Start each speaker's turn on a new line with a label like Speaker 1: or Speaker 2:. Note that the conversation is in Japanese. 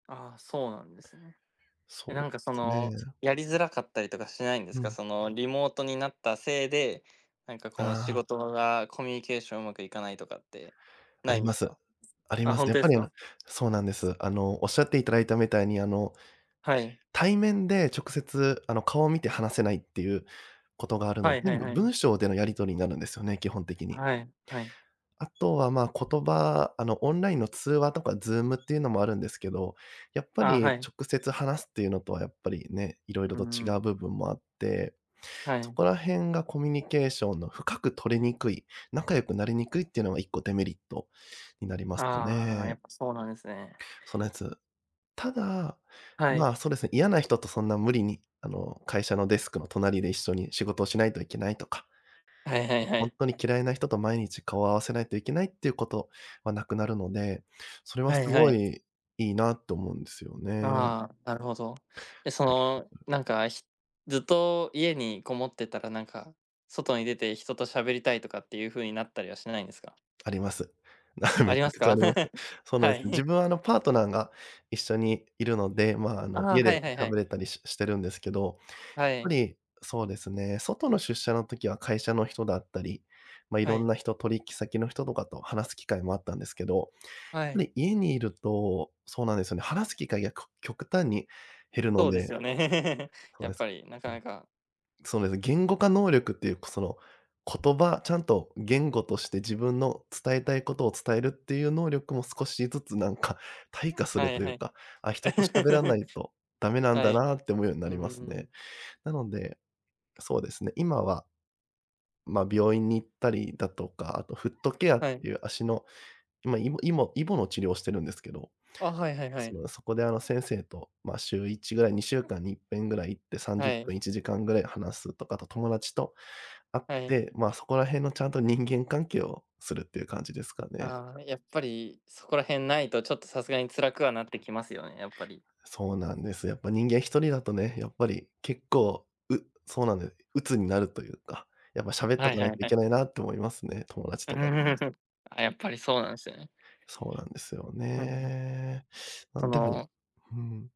Speaker 1: ああ、そうなんですね。え、な
Speaker 2: そう
Speaker 1: んか
Speaker 2: で
Speaker 1: そ
Speaker 2: す
Speaker 1: の、
Speaker 2: ね。
Speaker 1: やりづらかったりとかしないんで
Speaker 2: う
Speaker 1: すか。
Speaker 2: ん。
Speaker 1: その、リモートになったせいで、なんかこ
Speaker 2: あ
Speaker 1: の仕
Speaker 2: あ。
Speaker 1: 事がコミュニケーションうまくいかないとかって、
Speaker 2: あ
Speaker 1: な
Speaker 2: り
Speaker 1: いん
Speaker 2: ま
Speaker 1: です
Speaker 2: す。
Speaker 1: か？
Speaker 2: あり
Speaker 1: あ、
Speaker 2: ます
Speaker 1: 本
Speaker 2: ね。やっ
Speaker 1: 当で
Speaker 2: ぱ
Speaker 1: す
Speaker 2: り、
Speaker 1: か？
Speaker 2: そうなんです。あのおっしゃっていただいたみたいに、あの
Speaker 1: はい。
Speaker 2: 対面で直接あの、顔を見て話せないっていうことがあるの
Speaker 1: は
Speaker 2: で、
Speaker 1: いは
Speaker 2: 全
Speaker 1: い
Speaker 2: 部
Speaker 1: はい。
Speaker 2: 文章でのやり取りになるんですよね、基本的に。
Speaker 1: はい、はい。
Speaker 2: あとは、ま、言葉、あの、オンラインの通話とか Zoom っていうのもあるんですけど、やっぱ
Speaker 1: あ、
Speaker 2: り
Speaker 1: はい。
Speaker 2: 直接話すっていうのとはやっぱりね、いろい
Speaker 1: う
Speaker 2: ろ
Speaker 1: ー
Speaker 2: と違う
Speaker 1: ん。
Speaker 2: 部分もあって、
Speaker 1: は
Speaker 2: そ
Speaker 1: い。
Speaker 2: こら辺がコミュニケーションの深く取りにくい、仲良くなりにくいっていうのが1個デメリットになりますか
Speaker 1: ああ、
Speaker 2: ね。
Speaker 1: やっぱそうなんですね。
Speaker 2: そのやつ。ただ、
Speaker 1: はい。
Speaker 2: ま、そうですね、嫌な人とそんな無理にあの会社のデスクの隣で一緒に仕事をしないといけないとか。
Speaker 1: はいはいは
Speaker 2: 本
Speaker 1: い。
Speaker 2: 当に嫌いな人と毎日顔を合わせないといけないっていうことはなくなるので、それは
Speaker 1: は
Speaker 2: す
Speaker 1: いは
Speaker 2: ご
Speaker 1: い。
Speaker 2: いいいなと思うんですよね。
Speaker 1: ああ、なるほど。でそ
Speaker 2: そうで
Speaker 1: の、
Speaker 2: すね。
Speaker 1: なんか、ずっと家にこもってたらなんか、外に出て人と喋りたいとかっていう風になったりはしないんですか？
Speaker 2: あります。
Speaker 1: あ
Speaker 2: めち
Speaker 1: り
Speaker 2: ゃ
Speaker 1: ます
Speaker 2: くちゃあ
Speaker 1: か？
Speaker 2: ります。そうなんで
Speaker 1: は
Speaker 2: すね。自
Speaker 1: い。
Speaker 2: 分はあのパートナーが一緒にいるので、ま、あの
Speaker 1: ああ、
Speaker 2: 家
Speaker 1: は
Speaker 2: で
Speaker 1: いはいは
Speaker 2: 喋
Speaker 1: い。
Speaker 2: れたりしてるんですけど、や
Speaker 1: は
Speaker 2: っぱ
Speaker 1: い。
Speaker 2: りそうですね、外の出社の時は会社の人だったり、ま、い
Speaker 1: は
Speaker 2: ろん
Speaker 1: い。
Speaker 2: な人、取引先の人とかと話す機会もあったんですけど、
Speaker 1: は
Speaker 2: やっぱ
Speaker 1: い。
Speaker 2: り家にいると、そうなんですよね、話す機会が、こ極端に減るの
Speaker 1: そうです
Speaker 2: で。
Speaker 1: よね、
Speaker 2: そう
Speaker 1: やっ
Speaker 2: です。
Speaker 1: ぱり、な
Speaker 2: う
Speaker 1: か
Speaker 2: ん。
Speaker 1: なか。
Speaker 2: そうですね、言語化能力っていうその言葉、ちゃんと言語として自分の伝えたいことを伝えるっていう能力も少しずつなんか退化す
Speaker 1: は
Speaker 2: る
Speaker 1: い
Speaker 2: とい
Speaker 1: は
Speaker 2: う
Speaker 1: い。
Speaker 2: か、あ、人と喋らないとダ メなん
Speaker 1: は
Speaker 2: だ
Speaker 1: い、
Speaker 2: なって思うようにな
Speaker 1: うー
Speaker 2: りますね。
Speaker 1: ん。
Speaker 2: なので、そうですね、今は、ま、病院に行ったりだとか、あとフットケアっ
Speaker 1: はい。
Speaker 2: ていう足のま、イモイボの治療をしてるんですけど。
Speaker 1: あ、はいはいはい。
Speaker 2: ま、そこであの先生とま、週1ぐらい、2週間に1ぺんぐらい行ってさんじゅ
Speaker 1: は
Speaker 2: っぷ
Speaker 1: い。
Speaker 2: ん、1時間ぐらい話すとか、あと友達と会っ
Speaker 1: はい。
Speaker 2: て、ま、そこら辺のちゃんと人間関係をするっていう感じですかね。
Speaker 1: ああ、やっぱり、そこら辺ないとちょっとさすがに辛くはなってきますよね、やっぱり
Speaker 2: そうなんです。やっぱり人間1人だとね、やっぱり結構うそうなんです、鬱になるというか、やっぱ喋ってお
Speaker 1: はい
Speaker 2: か
Speaker 1: は
Speaker 2: ない
Speaker 1: い
Speaker 2: とい
Speaker 1: は
Speaker 2: け
Speaker 1: い。
Speaker 2: ないなと思いますね、友達とかと。
Speaker 1: あ、やっぱりそうなんですよね。
Speaker 2: そうなんですよ
Speaker 1: うんうん。
Speaker 2: ね。な
Speaker 1: そ
Speaker 2: んでも、
Speaker 1: の
Speaker 2: うん。